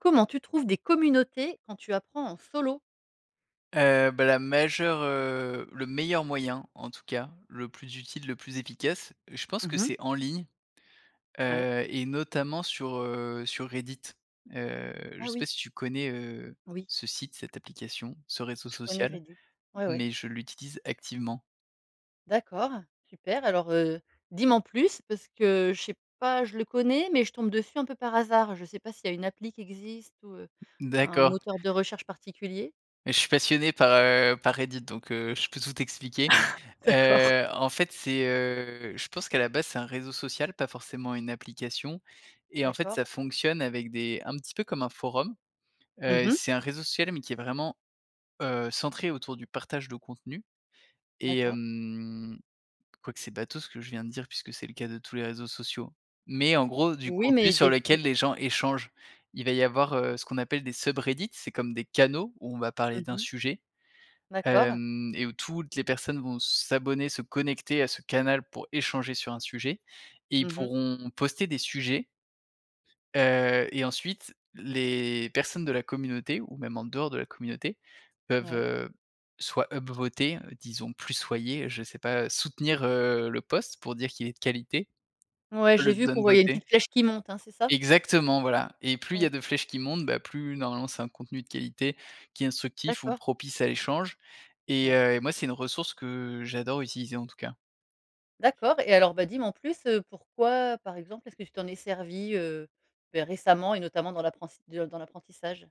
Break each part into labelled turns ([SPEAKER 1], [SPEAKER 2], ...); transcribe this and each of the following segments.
[SPEAKER 1] Comment tu trouves des communautés quand tu apprends en solo?
[SPEAKER 2] Heu, bah, la majeure, heu, le meilleur moyen, en tout cas, le plus utile, le plus efficace, je pense
[SPEAKER 1] Mmh
[SPEAKER 2] que
[SPEAKER 1] mh.
[SPEAKER 2] c'est en ligne,
[SPEAKER 1] Ouais.
[SPEAKER 2] heu, et notamment, sur heu, sur Reddit, heu. Je
[SPEAKER 1] Ah
[SPEAKER 2] sais pas
[SPEAKER 1] oui.
[SPEAKER 2] si tu connais, heu,
[SPEAKER 1] Oui.
[SPEAKER 2] ce site, cette application, ce réseau
[SPEAKER 1] Je connais
[SPEAKER 2] social
[SPEAKER 1] Reddit. Ouais, ouais.
[SPEAKER 2] mais je l'utilise activement.
[SPEAKER 1] D'accord. Super. Alors, heu, dis m'en plus parce que je sais pas? Je le connais mais je tombe dessus un peu par hasard. Je sais pas s'il y a une appli qui existe ou, heu, un
[SPEAKER 2] D'accord.
[SPEAKER 1] moteur de recherche particulier.
[SPEAKER 2] Et je suis passionné par, heu, par Reddit. Donc, heu, je peux tout t'expliquer.
[SPEAKER 1] D'accord.
[SPEAKER 2] Heu, en fait, c'est heu, je pense qu'à la base c'est un réseau social, pas forcément une application et en fait,
[SPEAKER 1] D'accord.
[SPEAKER 2] ça fonctionne avec des un petit peu comme un forum,
[SPEAKER 1] Mmh
[SPEAKER 2] heu,
[SPEAKER 1] mh.
[SPEAKER 2] c'est un réseau social mais qui est vraiment, heu, centré autour du partage de contenu et
[SPEAKER 1] D'accord.
[SPEAKER 2] hem, quoique c'est bateau ce que je viens de dire puisque c'est le cas de tous les réseaux sociaux, mais en gros, du
[SPEAKER 1] Oui
[SPEAKER 2] contenu
[SPEAKER 1] mais
[SPEAKER 2] sur
[SPEAKER 1] des i
[SPEAKER 2] lequel les gens échangent. Il va y avoir, heu, ce qu'on appelle des SubReddit. C'est comme des canaux où on va parler
[SPEAKER 1] Mmh
[SPEAKER 2] d'un
[SPEAKER 1] mh.
[SPEAKER 2] sujet,
[SPEAKER 1] D'accord.
[SPEAKER 2] hem et où toutes les personnes vont s'abonner, se connecter à ce canal pour échanger sur un sujet et ils
[SPEAKER 1] Mmh mh.
[SPEAKER 2] pourront poster des sujets heu, et ensuite les personnes de la communauté ou même en dehors de la communauté peuvent,
[SPEAKER 1] Ouais.
[SPEAKER 2] heu, soit up voter disons, soutenir, je sais pas, soutenir, heu, le post pour dire qu'il est de qualité,
[SPEAKER 1] Ouais.
[SPEAKER 2] soit
[SPEAKER 1] J'ai
[SPEAKER 2] le
[SPEAKER 1] vu qu'on
[SPEAKER 2] down
[SPEAKER 1] voyait une
[SPEAKER 2] voter.
[SPEAKER 1] petite flèche qui monte, hein, c'est ça?
[SPEAKER 2] Exactement, voilà et plus il y
[SPEAKER 1] Ouais.
[SPEAKER 2] a de flèches qui montent, bah, plus normalement c'est un contenu de qualité qui est instructif ou
[SPEAKER 1] D'accord.
[SPEAKER 2] propice à l'échange et
[SPEAKER 1] Ouais.
[SPEAKER 2] heu, moi, c'est une ressource que j'adore utiliser, en tout cas.
[SPEAKER 1] D'accord et alors, bah, dis m'en plus, heu, pourquoi, par exemple, est-ce que tu t'en es servi, heu, beh, récemment et notamment dans l'apprenss dans l'apprentissage?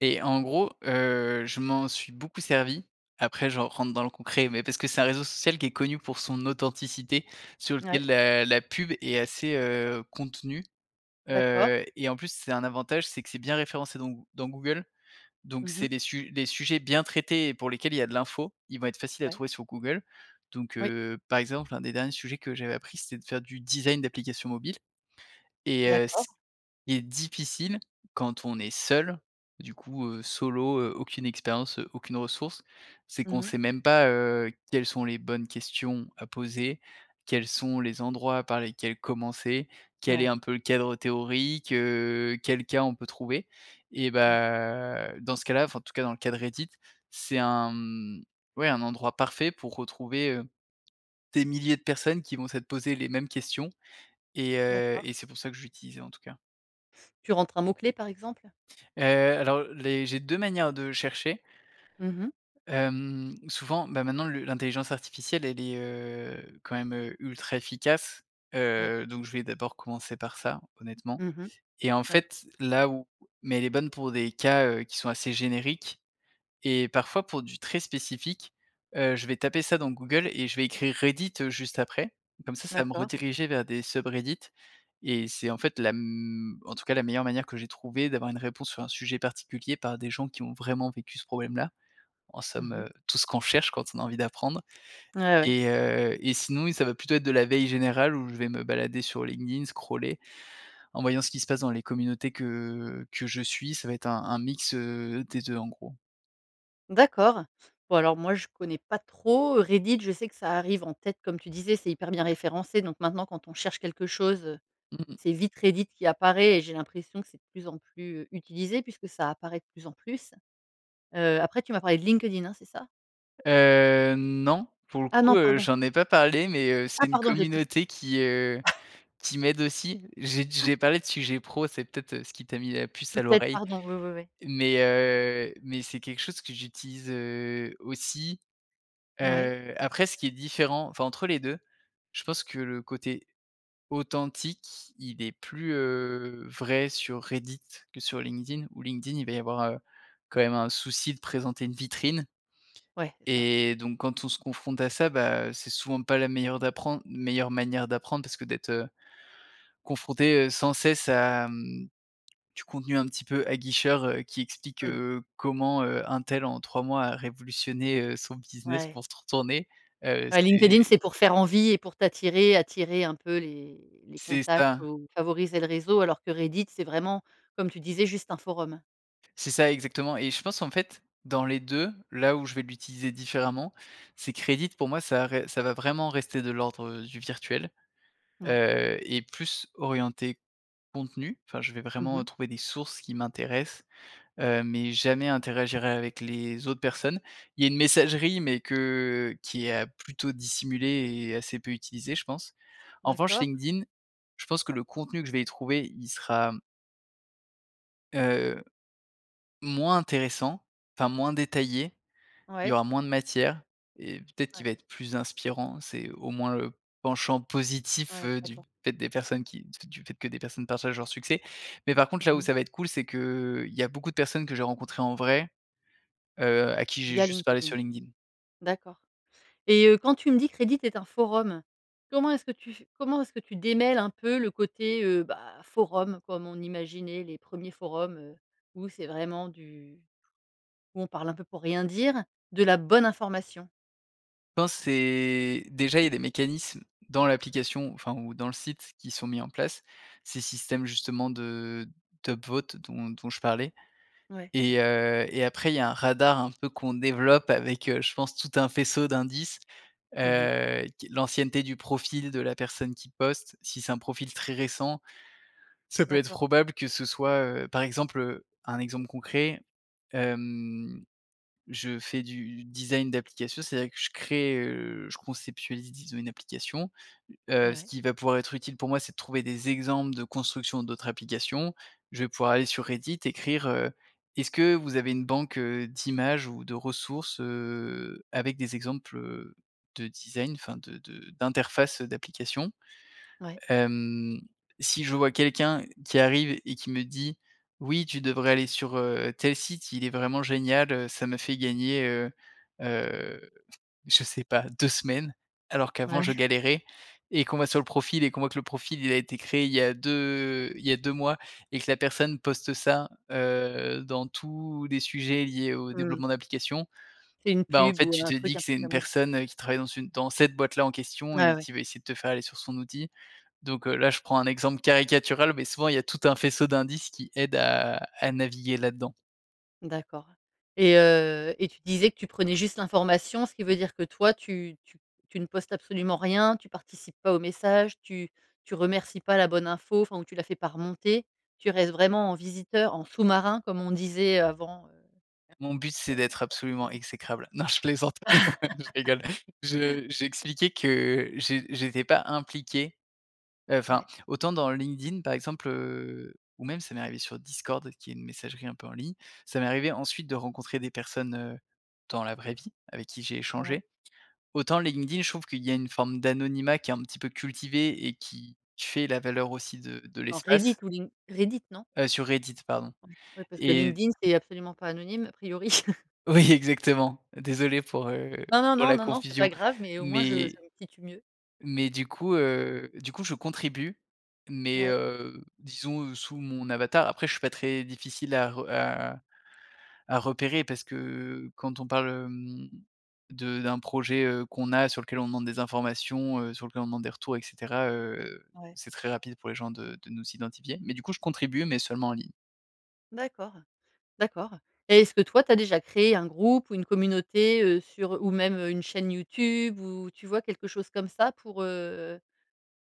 [SPEAKER 2] Et, en gros, heu, je m'en suis beaucoup servi. Après, je rentre dans le concret mais parce que c'est un réseau social qui est connu pour son authenticité, sur
[SPEAKER 1] Ouais.
[SPEAKER 2] lequel la la pub est assez, heu, contenue,
[SPEAKER 1] D'accord.
[SPEAKER 2] heu, et en plus, c'est un avantage. C'est que c'est bien référencé dans Goo dans Google, donc
[SPEAKER 1] Mmh
[SPEAKER 2] c'est
[SPEAKER 1] mh.
[SPEAKER 2] des su des sujets bien traités et pour lesquels il y a de l'info. Ils vont être faciles à
[SPEAKER 1] Ouais.
[SPEAKER 2] trouver sur Google, donc
[SPEAKER 1] Oui.
[SPEAKER 2] heu, par exemple, un des derniers sujets que j'avais appris c'était de faire du design d'applications mobiles et heu,
[SPEAKER 1] D'accord.
[SPEAKER 2] s il est difficile quand on est seul, du coup, heu, solo, heu, aucune expérience, heu, aucune ressource, c'est
[SPEAKER 1] Mmh
[SPEAKER 2] qu'on
[SPEAKER 1] mh.
[SPEAKER 2] sait même pas, heu, quelles sont les bonnes questions à poser? Quels sont les endroits par lesquels commencer? Quel est
[SPEAKER 1] Ouais.
[SPEAKER 2] un peu le cadre théorique, heu? Quel cas on peut trouver? Et
[SPEAKER 1] Mmh.
[SPEAKER 2] bah, dans ce cas-là, enfin, en tout cas, dans le cas de Reddit, c'est un mmh, ouais, un endroit parfait pour retrouver, heu, des milliers de personnes qui vont s'être posées les mêmes questions et, heu,
[SPEAKER 1] D'accord.
[SPEAKER 2] et c'est pour ça que je l'utilisais, en tout cas.
[SPEAKER 1] Tu rentres un mot clé par exemple?
[SPEAKER 2] Heu, alors les j'ai 2 manières de chercher
[SPEAKER 1] Mmh mh.
[SPEAKER 2] hem, souvent, ben, maintenant le l'intelligence artificielle, elle est, heu, quand même, heu, ultra efficace,
[SPEAKER 1] Ouais.
[SPEAKER 2] heu, donc je vais d'abord commencer par ça, honnêtement
[SPEAKER 1] Mmh mh.
[SPEAKER 2] et en
[SPEAKER 1] Ouais.
[SPEAKER 2] fait, là, où, mais elle est bonne pour des cas heu, qui sont assez génériques et parfois pour du très spécifique, heu, je vais taper ça dans Google et je vais écrire Reddit, heu, juste après, comme ça, ça va me
[SPEAKER 1] D'accord.
[SPEAKER 2] rediriger vers des SubReddit et c'est, en fait, la m en tout cas, la meilleure manière que j'ai trouvée d'avoir une réponse sur un sujet particulier par des gens qui ont vraiment vécu ce problème-là. En
[SPEAKER 1] Mmh
[SPEAKER 2] somme,
[SPEAKER 1] mh.
[SPEAKER 2] heu, tout ce qu'on cherche quand on a envie d'apprendre
[SPEAKER 1] Ouais, ouais.
[SPEAKER 2] et heu, et sinon oui ça va plutôt être de la veille générale où je vais me balader sur LinkedIn, scroller en voyant ce qui se passe dans les communautés que que je suis. Ça va être un un mix, heu, des 2 en gros.
[SPEAKER 1] D'accord. Bon, alors moi, je connais pas trop, heu, Reddit. Je sais que ça arrive en tête, comme tu disais, c'est hyper bien référencé donc maintenant quand on cherche quelque chose,
[SPEAKER 2] Mmh mh mh.
[SPEAKER 1] c'est vite Reddit qui apparaît et j'ai l'impression que c'est de plus en plus, heu, utilisé puisque ça apparaît de plus en plus. Heu, après tu m'as parlé de LinkedIn, hein, c'est ça?
[SPEAKER 2] Heu, non, pour le
[SPEAKER 1] Ah
[SPEAKER 2] coup,
[SPEAKER 1] non,
[SPEAKER 2] heu,
[SPEAKER 1] pardon.
[SPEAKER 2] j'en ai pas parlé, mais heu, c'est
[SPEAKER 1] Ah
[SPEAKER 2] une
[SPEAKER 1] pardon, j'ai comp
[SPEAKER 2] communauté qui, heu, qui m'aide aussi. J'ai d j'ai parlé de sujet pro. C'est peut-être, heu, ce qui t'a mis la puce à
[SPEAKER 1] Peut-être,
[SPEAKER 2] l'oreille
[SPEAKER 1] pardon. Oui, oui, oui.
[SPEAKER 2] mais heu, mais c'est quelque chose que j'utilise, heu, aussi.
[SPEAKER 1] Ouais.
[SPEAKER 2] Heu, après ce qui est différent, enfin, entre les 2 je pense que le côté authentique, il est plus, heu, vrai sur Reddit que sur LinkedIn, où LinkedIn il va y avoir, heu, quand même un souci de présenter une vitrine
[SPEAKER 1] Ouais, c'est ça.
[SPEAKER 2] et donc quand on se confronte à ça, bah, heu, c'est souvent pas la meilleure d'apprendre meilleure manière d'apprendre parce que d'être, heu, confronté, heu, sans cesse à, hem, du contenu un petit peu aguicheur, heu, qui explique,
[SPEAKER 1] Mmh.
[SPEAKER 2] heu, comment, heu, un tel en 3 mois a révolutionné, heu, son business
[SPEAKER 1] Ouais.
[SPEAKER 2] pour se retourner. Heu,
[SPEAKER 1] Ouais. LinkedIn,
[SPEAKER 2] c'est
[SPEAKER 1] c'est pour faire envie et pour t'attirer, attirer un peu les les
[SPEAKER 2] C'est
[SPEAKER 1] contacts
[SPEAKER 2] ça.
[SPEAKER 1] ou favoriser le réseau alors que Reddit, c'est vraiment, comme tu disais, juste un forum.
[SPEAKER 2] C'est ça exactement et je pense qu'en fait, dans les 2 là où je vais l'utiliser différemment c'est que Reddit, pour moi, ça à ré ça va vraiment rester de l'ordre, heu, du virtuel.
[SPEAKER 1] Ouais.
[SPEAKER 2] Heu, et plus orienté contenu, enfin, je vais
[SPEAKER 1] Mmh
[SPEAKER 2] vraiment, heu,
[SPEAKER 1] mh.
[SPEAKER 2] trouver des sources qui m'intéressent, heu, mais jamais interagir avec les autres personnes. Il y a une messagerie mais que qui est plutôt dissimulée et assez peu utilisée, je pense. En revanche,
[SPEAKER 1] D'accord.
[SPEAKER 2] LinkedIn, je pense que le contenu que je vais y trouver, il sera heu, moins intéressant, enfin, moins détaillé. Il y
[SPEAKER 1] Ouais.
[SPEAKER 2] aura moins de matière et peut-être qu'il
[SPEAKER 1] Ouais.
[SPEAKER 2] va être plus inspirant. C'est au moins le penchant positif,
[SPEAKER 1] Ouais.
[SPEAKER 2] heu, du
[SPEAKER 1] D'accord.
[SPEAKER 2] fait des personnes qui du du fait que des personnes partagent leur succès, mais par contre, là
[SPEAKER 1] Mmh
[SPEAKER 2] où
[SPEAKER 1] mh.
[SPEAKER 2] ça va être cool, c'est que, heu, il y a beaucoup de personnes que j'ai rencontrées en vrai, heu, à qui j'ai
[SPEAKER 1] Via
[SPEAKER 2] juste parlé
[SPEAKER 1] LinkedIn.
[SPEAKER 2] sur LinkedIn.
[SPEAKER 1] D'accord et heu, quand tu me dis que Reddit est un forum, comment est ce que tu f comment est ce que tu démêle un peu le côté, heu, bah, forum comme on imaginait les 1ers forums, heu, où c'est vraiment du où on parle un peu pour rien dire, de la bonne information?
[SPEAKER 2] Pense c'est déjà il y a des mécanismes dans l'application, enfin ou dans le site qui sont mis en place. Ces systèmes justement de d' upvote dont dont je parlais.
[SPEAKER 1] Ouais,
[SPEAKER 2] Et
[SPEAKER 1] d'accord.
[SPEAKER 2] heu, et après il y a un radar un peu qu'on développe avec, heu, je pense tout un faisceau d'indices.
[SPEAKER 1] Mmh mh.
[SPEAKER 2] Heu, q l'ancienneté du profil de la personne qui poste, si c'est un profil très récent, ça peut être
[SPEAKER 1] D'accord.
[SPEAKER 2] probable que ce soit, heu, par exemple, heu, un exemple concret, hem, je fais du design d'application. C'est-à-dire que je crée, heu, je conceptualise disons une application. Heu, ce
[SPEAKER 1] Ouais.
[SPEAKER 2] qui va pouvoir être utile pour moi c'est de trouver des exemples de construction d'autres applications. Je vais pouvoir aller sur Reddit écrire, heu: «Est-ce que vous avez une banque, heu, d'images ou de ressources, heu, avec des exemples, heu, de design, enfin de de d'interface, heu, d'applications?»
[SPEAKER 1] Ouais.
[SPEAKER 2] Hem, si je vois quelqu'un qui arrive et qui me dit: «Oui tu devrais aller sur, heu, tel site il est vraiment génial, heu, ça m'a fait gagner, heu heu, je sais pas 2 semaines alors qu'avant je
[SPEAKER 1] Ouais.
[SPEAKER 2] galérais.» et qu'on va sur le profil et qu'on voit que le profil il a été créé il y a 2 il y a 2 mois et que la personne poste ça, heu, dans tous les sujets liés au
[SPEAKER 1] Mmh.
[SPEAKER 2] développement d'application.
[SPEAKER 1] C'est une
[SPEAKER 2] Bah, en
[SPEAKER 1] pub
[SPEAKER 2] fait
[SPEAKER 1] ou
[SPEAKER 2] tu
[SPEAKER 1] un
[SPEAKER 2] te
[SPEAKER 1] truc
[SPEAKER 2] dis que
[SPEAKER 1] un peu
[SPEAKER 2] c'est une
[SPEAKER 1] camouflé, quoi.
[SPEAKER 2] personne, heu, qui travaille dans une dans cette boîte-là en question
[SPEAKER 1] Ah
[SPEAKER 2] et
[SPEAKER 1] ouais.
[SPEAKER 2] qui va essayer de te faire aller sur son outil. Donc, heu, là je prends un exemple caricatural mais souvent il y a tout un faisceau d'indices qui aident à à naviguer là-dedans.
[SPEAKER 1] D'accord et heu, et tu disais que tu prenais juste l'information, ce qui veut dire que toi tu tu tu ne postes absolument rien, tu participes pas aux messages? Tu tu remercies pas la bonne info, enfin ou tu la fais pas remonter? Tu restes vraiment en visiteur, en sous-marin comme on disait avant, heu,.
[SPEAKER 2] Mon but c'est d'être absolument
[SPEAKER 1] [unintelligible]
[SPEAKER 2] exécrable. Non je plaisante, je rigole. Je j'ai expliqué que j'é j'étais pas impliqué, heu, enfin
[SPEAKER 1] Ouais.
[SPEAKER 2] autant dans LinkedIn par exemple, heu, ou même ça m'est arrivé sur Discord qui est une messagerie un peu en ligne, ça m'est arrivé ensuite de rencontrer des personnes, heu, dans la vraie vie avec qui j'ai
[SPEAKER 1] Ouais.
[SPEAKER 2] échangé. Autant LinkedIn je trouve qu'il y a une forme d'anonymat qui est un petit peu cultivée et qui fait la valeur aussi de de
[SPEAKER 1] Oh, Reddit
[SPEAKER 2] l'espace.
[SPEAKER 1] ou Link Reddit non?
[SPEAKER 2] Heu, sur Reddit pardon
[SPEAKER 1] Ouais. Ouais parce que
[SPEAKER 2] et
[SPEAKER 1] LinkedIn c'est absolument pas anonyme a priori.
[SPEAKER 2] Oui exactement, désolé pour, heu,
[SPEAKER 1] Non non
[SPEAKER 2] pour
[SPEAKER 1] non,
[SPEAKER 2] la
[SPEAKER 1] non non c'est
[SPEAKER 2] confusion.
[SPEAKER 1] pas grave, mais au moins je
[SPEAKER 2] Mais
[SPEAKER 1] je me situe mieux.
[SPEAKER 2] mais du coup, heu, du coup je contribue.
[SPEAKER 1] N
[SPEAKER 2] Mais,
[SPEAKER 1] Ouais.
[SPEAKER 2] heu, disons, heu, sous mon avatar. Après je suis pas très difficile à re à à repérer parce que quand on parle, hem, de d'un projet, heu, qu'on a sur lequel on demande des informations, heu, sur lequel on demande des retours et cetera, heu,
[SPEAKER 1] Ouais.
[SPEAKER 2] c'est très rapide pour les gens de de nous identifier. Mais du coup je contribue, mais seulement en ligne.
[SPEAKER 1] D'accord. D'accord et est-ce que toi tu as déjà créé un groupe ou une communauté, heu, sur ou même une chaîne Youtube où, tu vois quelque chose comme ça? Pour, heu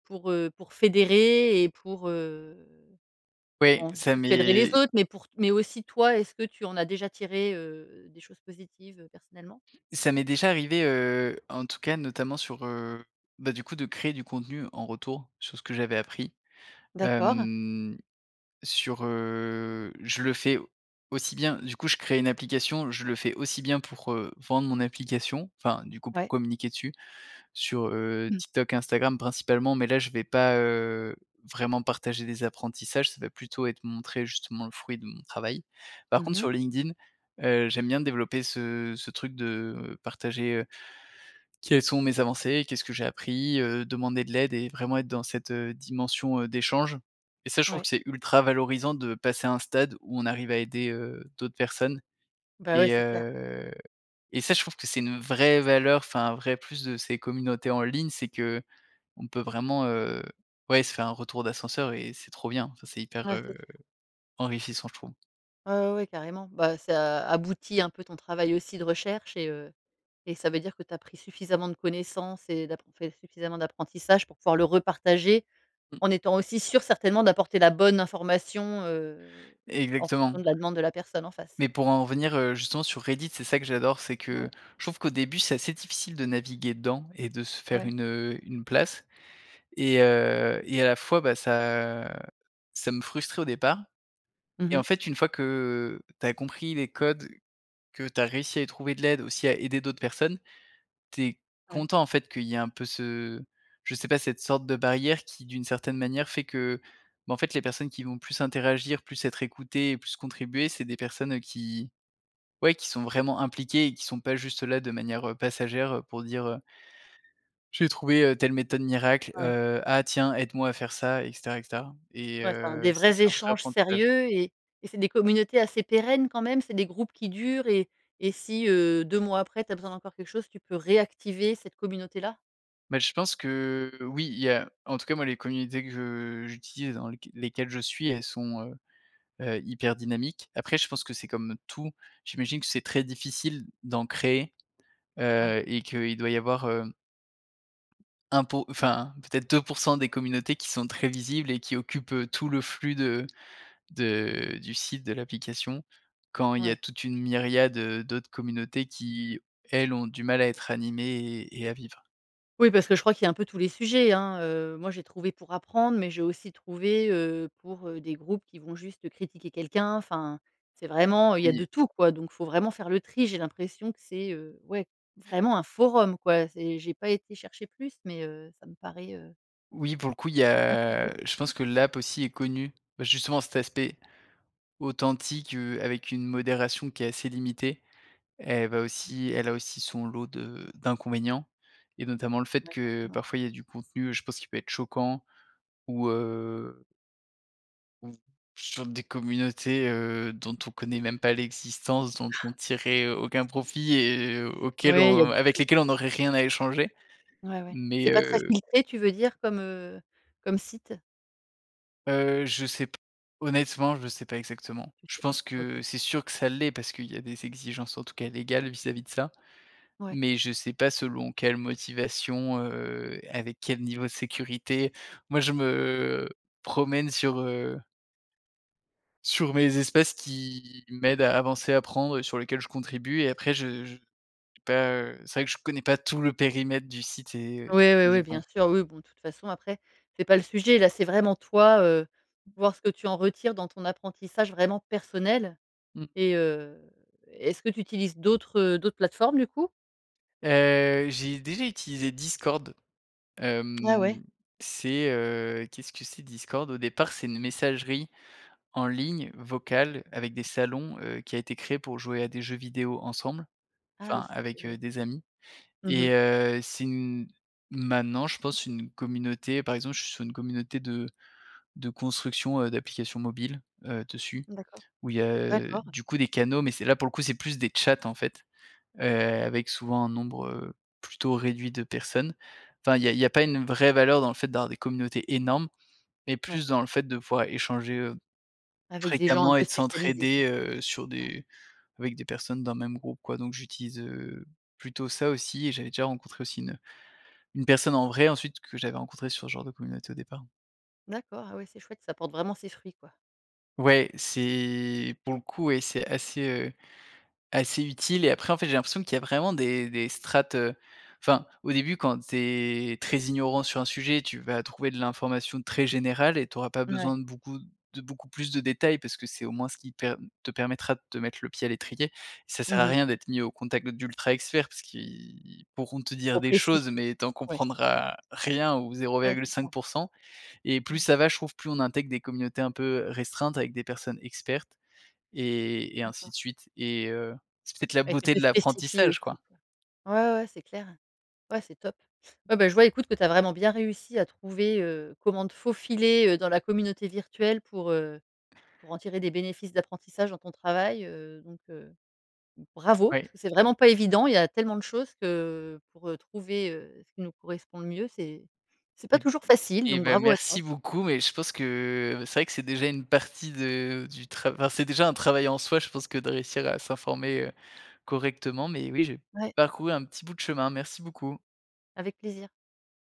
[SPEAKER 1] pour, heu, pour fédérer et pour, heu
[SPEAKER 2] Ouais,
[SPEAKER 1] bon du
[SPEAKER 2] ça
[SPEAKER 1] coup tu aiderais les
[SPEAKER 2] m'est
[SPEAKER 1] autres mais pour t mais aussi toi est ce que tu en as déjà tiré, heu, des choses positives, heu, personnellement?
[SPEAKER 2] ça m'est déjà arrivé, heu, en tout cas notamment sur, heu, bah, du coup de créer du contenu en retour sur ce que j'avais appris.
[SPEAKER 1] D'accord.
[SPEAKER 2] Hem, sur, heu, je le fais aussi bien du coup je crée une application je le fais aussi bien pour, heu, vendre mon application. Enfin du coup p
[SPEAKER 1] Ouais.
[SPEAKER 2] communiquer dessus sur, heu,
[SPEAKER 1] Mmh.
[SPEAKER 2] TikTok, Instagram principalement mais là je vais pas, heu, vraiment partager des apprentissages. Ça va plutôt être montrer justement le fruit de mon travail. Par
[SPEAKER 1] Mmh
[SPEAKER 2] contre
[SPEAKER 1] mh.
[SPEAKER 2] sur LinkedIn, heu, j'aime bien développer ce ce truc de partager, heu, quelles sont mes avancées, qu'est-ce que j'ai appris, heu, demander de l'aide et vraiment être dans cette, heu, dimension, heu, d'échange et ça je trouve
[SPEAKER 1] Ouais.
[SPEAKER 2] que c'est ultra valorisant de passer à un stade où on arrive à aider, heu, d'autres personnes
[SPEAKER 1] Bah, ouais,
[SPEAKER 2] et
[SPEAKER 1] c'est clair.
[SPEAKER 2] heu, et ça je trouve que c'est une vraie valeur enfin un vrai plus de ces communautés en ligne c'est qu'on peut vraiment, heu, ouais se faire un retour d'ascenseur et c'est trop bien. Enfin, c'est hyper,
[SPEAKER 1] Ouais c'est
[SPEAKER 2] heu,
[SPEAKER 1] sûr.
[SPEAKER 2] enrichissant je trouve.
[SPEAKER 1] Ouais ouais ouais carrément. Bah, ça aboutit un peu ton travail aussi de recherche et heu, et ça veut dire que tu as pris suffisamment de connaissances et d'appro fait suffisamment d'apprentissage pour pouvoir le repartager.
[SPEAKER 2] Mmh.
[SPEAKER 1] En étant aussi sûr certainement d'apporter la bonne information, heu, en fonction
[SPEAKER 2] Exactement.
[SPEAKER 1] de la demande de la personne en face.
[SPEAKER 2] Mais pour en revenir, heu, justement sur Reddit, c'est ça que j'adore. C'est
[SPEAKER 1] Ouais.
[SPEAKER 2] que je trouve qu'au début c'est assez difficile de naviguer dedans et de se faire
[SPEAKER 1] Ouais.
[SPEAKER 2] une, heu, une place et heu, et à la fois bah, ça, heu, ça me frustrait au départ
[SPEAKER 1] Mmh
[SPEAKER 2] et
[SPEAKER 1] mh.
[SPEAKER 2] en fait une fois que tu as compris les codes, que tu as réussi à y trouver de l'aide, aussi à aider d'autres personnes, tu es
[SPEAKER 1] Ouais.
[SPEAKER 2] content en fait qu'il y ait un peu ce je sais pas, cette sorte de barrière qui d'une certaine manière fait que, bah, en fait les personnes qui vont plus interagir, plus être écoutées et plus contribuer c'est des personnes qui ouais, qui sont vraiment impliquées et qui sont pas juste là de manière, heu, passagère pour dire: «Heu «j'ai trouvé, heu, telle méthode miracle»,
[SPEAKER 1] Ouais.
[SPEAKER 2] heu: «Ah tiens aide-moi à faire ça et cetera et cetera» et
[SPEAKER 1] Ouais, enfin
[SPEAKER 2] heu,
[SPEAKER 1] des
[SPEAKER 2] ça
[SPEAKER 1] vrais
[SPEAKER 2] c'est un vrai
[SPEAKER 1] échanges
[SPEAKER 2] apprentissage.
[SPEAKER 1] sérieux et et c'est des communautés assez pérennes quand même? C'est des groupes qui durent et et si, heu, 2 mois après tu as besoin d'encore quelque chose tu peut réactiver cette communauté là?
[SPEAKER 2] Bah, je pense que oui. Il y a en tout cas moi les communautés que je j'utilise dans lesq lesquelles je suis elles sont, heu heu, hyper dynamiques. Après je pense que c'est comme tout. J'imagine que c'est très difficile d'en créer,
[SPEAKER 1] Ouais.
[SPEAKER 2] heu, et qu'il doit y avoir, hem 1 po enfin peut-être 2% des communautés qui sont très visibles et qui occupent, heu, tout le flux de de du site de l'application, quand il y a
[SPEAKER 1] Ouais.
[SPEAKER 2] toute une myriade, heu, d'autres communautés qui elles ont du mal à être animées et et à vivre.
[SPEAKER 1] Oui parce que je crois qu'il y a un peu tous les sujets, hein. Heu, moi j'ai trouvé pour apprendre mais j'ai aussi trouvé, heu, pour, heu, des groupes qui vont juste critiquer quelqu'un, enfin c'est vraiment il y a de
[SPEAKER 2] Oui.
[SPEAKER 1] tout quoi. Donc faut vraiment faire le tri, j'ai l'impression que c'est, heu, ouais, vraiment un forum quoi, c'est j'ai pas été chercher plus, mais, heu, ça me paraît, heu.
[SPEAKER 2] Oui pour le coup, il y
[SPEAKER 1] [unintelligible]
[SPEAKER 2] a je pense que l'app aussi est connue. Bah, justement cet aspect authentique, heu, avec une modération qui est assez limitée, elle va aussi elle a aussi son lot de d'inconvénients, et notamment le fait
[SPEAKER 1] Ouais,
[SPEAKER 2] que,
[SPEAKER 1] forcément.
[SPEAKER 2] parfois, il y a du contenu, heu, je pense qui peut être choquant ou, heu ou, sur des communautés, heu, dont on connait même pas l'existence, dont on tirerait aucun profit et auquel
[SPEAKER 1] Ouais, il y a de
[SPEAKER 2] on avec
[SPEAKER 1] tout, quoi.
[SPEAKER 2] lesquelles on n'aurait rien à échanger.
[SPEAKER 1] Ouais ouais.
[SPEAKER 2] Mais
[SPEAKER 1] C'est pas très
[SPEAKER 2] heu.
[SPEAKER 1] filtré tu veux dire, comme, heu, comme site?
[SPEAKER 2] Heu, je sais p honnêtement, je sais pas exactement.
[SPEAKER 1] Tu
[SPEAKER 2] Je
[SPEAKER 1] sais pas,
[SPEAKER 2] pense que,
[SPEAKER 1] OK.
[SPEAKER 2] c'est sûr que ça l'est parce qu'il y a des exigences, en tout cas, légales vis-à-vis de ça,
[SPEAKER 1] Ouais.
[SPEAKER 2] mais je sais pas selon quelle motivation, heu, et avec quel niveau de sécurité. Moi je me promène sur heu sur mes espaces qui m'aident à avancer, à apprendre et sur lesquels je contribue et après je je pas, heu, c'est vrai que je connais pas tout le périmètre du site et.
[SPEAKER 1] Oui oui oui, bien
[SPEAKER 2] [unintelligible]
[SPEAKER 1] sûr. Oui bon, de toute façon après, c'est pas le sujet, là c'est vraiment toi, heu, voir ce que tu en retires dans ton apprentissage vraiment personnel
[SPEAKER 2] Mmh.
[SPEAKER 1] et, heu, est-ce que tu utilises d'autres, heu, d'autres plateformes du coup?
[SPEAKER 2] Heu, j'ai déjà utilisé Discord.
[SPEAKER 1] Ouais ouais.
[SPEAKER 2] Hem, c'est, heu, qu'est-ce que c'est Discord? Au départ c'est une messagerie, en ligne, vocale, avec des salons, heu, qui a été créée pour jouer à des jeux vidéo ensemble,
[SPEAKER 1] Ah
[SPEAKER 2] enfin
[SPEAKER 1] oui, OK,
[SPEAKER 2] avec,
[SPEAKER 1] je vois.
[SPEAKER 2] heu, des amis.
[SPEAKER 1] Mmh mh.
[SPEAKER 2] Et heu, c'est une maintenant je pense une communauté par exemple je suis sur une communauté de de construction, heu, d'applications mobiles, heu, dessus,
[SPEAKER 1] D'accord.
[SPEAKER 2] où il y a, heu,
[SPEAKER 1] D'accord.
[SPEAKER 2] du coup des canaux mais c'est là pour le coup, c'est plus des chats en fait. Heu, avec souvent un nombre, heu, plutôt réduit de personnes. Enfin il y a il y a pas une vraie valeur dans le fait d'avoir des communautés énormes, mais
[SPEAKER 1] Ouais.
[SPEAKER 2] plus dans le fait de pouvoir échanger, heu,
[SPEAKER 1] Avec des gens un
[SPEAKER 2] fréquemment
[SPEAKER 1] peu
[SPEAKER 2] et de
[SPEAKER 1] spécialisés, quoi.
[SPEAKER 2] s'entraider, heu, sur
[SPEAKER 1] Ouais.
[SPEAKER 2] des avec des personnes dans le même groupe, quoi. Donc j'utilise, heu, plutôt ça aussi et j'avais déjà rencontré aussi une, heu, une personne en vrai ensuite que j'avais rencontrée sur ce genre de communauté au départ.
[SPEAKER 1] D'accord. Ah oui, c'est chouette, ça porte vraiment ses fruits, quoi.
[SPEAKER 2] Ouais, c'est pour le coup, ouais c'est assez, heu, assez utile et après en fait j'ai l'impression qu'il y a vraiment des des strates, heu. Enfin, au début quand tu es très ignorant sur un sujet, tu vas trouver de l'information très générale et tu auras pas
[SPEAKER 1] Mouais.
[SPEAKER 2] besoin de beaucoup de beaucoup plus de détails parce que c'est au moins ce qui per te permettra de te mettre le pied à l'étrier. Ça
[SPEAKER 1] Mmh
[SPEAKER 2] sert à
[SPEAKER 1] mh.
[SPEAKER 2] rien d'être mis au contact d'ultra experts parce qu'ils pourront te
[SPEAKER 1] C'est
[SPEAKER 2] dire
[SPEAKER 1] trop
[SPEAKER 2] des
[SPEAKER 1] précis.
[SPEAKER 2] choses, mais tu en
[SPEAKER 1] Ouais.
[SPEAKER 2] comprendras rien ou zéro
[SPEAKER 1] Ouais,
[SPEAKER 2] virgule
[SPEAKER 1] c'est ça.
[SPEAKER 2] cinq pour cent et plus
[SPEAKER 1] Ouais.
[SPEAKER 2] ça va, je trouve, plus on intègre des communautés, un peu, restreintes avec des personnes expertes et et ainsi
[SPEAKER 1] D'accord.
[SPEAKER 2] de suite. Et heu, c'est peut-être la
[SPEAKER 1] Et qui
[SPEAKER 2] beauté
[SPEAKER 1] était
[SPEAKER 2] de
[SPEAKER 1] spécifié
[SPEAKER 2] l'apprentissage,
[SPEAKER 1] aussi,
[SPEAKER 2] quoi.
[SPEAKER 1] quoi. Ouais ouais ouais, c'est clair. Ouais, c'est top. Ouais, ben je vois écoute que tu as vraiment bien réussi à trouver, heu, comment te faufiler, heu, dans la communauté virtuelle pour, heu, pour en tirer des bénéfices d'apprentissage dans ton travail, heu, donc heu. Bravo!
[SPEAKER 2] Ouais.
[SPEAKER 1] parce que c'est vraiment pas évident. Il y a tellement de choses que pour, heu, trouver, heu, ce qui nous correspond le mieux, c'est c'est pas
[SPEAKER 2] Et b
[SPEAKER 1] toujours facile.
[SPEAKER 2] et
[SPEAKER 1] Donc
[SPEAKER 2] bah
[SPEAKER 1] bravo à toi.
[SPEAKER 2] merci beaucoup et je pense que c'est vrai que c'est déjà une partie de du trav enfin c'est déjà un travail en soi, je pense que de réussir à s'informer, heu, correctement, mais oui, j'ai
[SPEAKER 1] Ouais.
[SPEAKER 2] parcouru un petit bout de chemin, merci beaucoup.
[SPEAKER 1] Avec plaisir.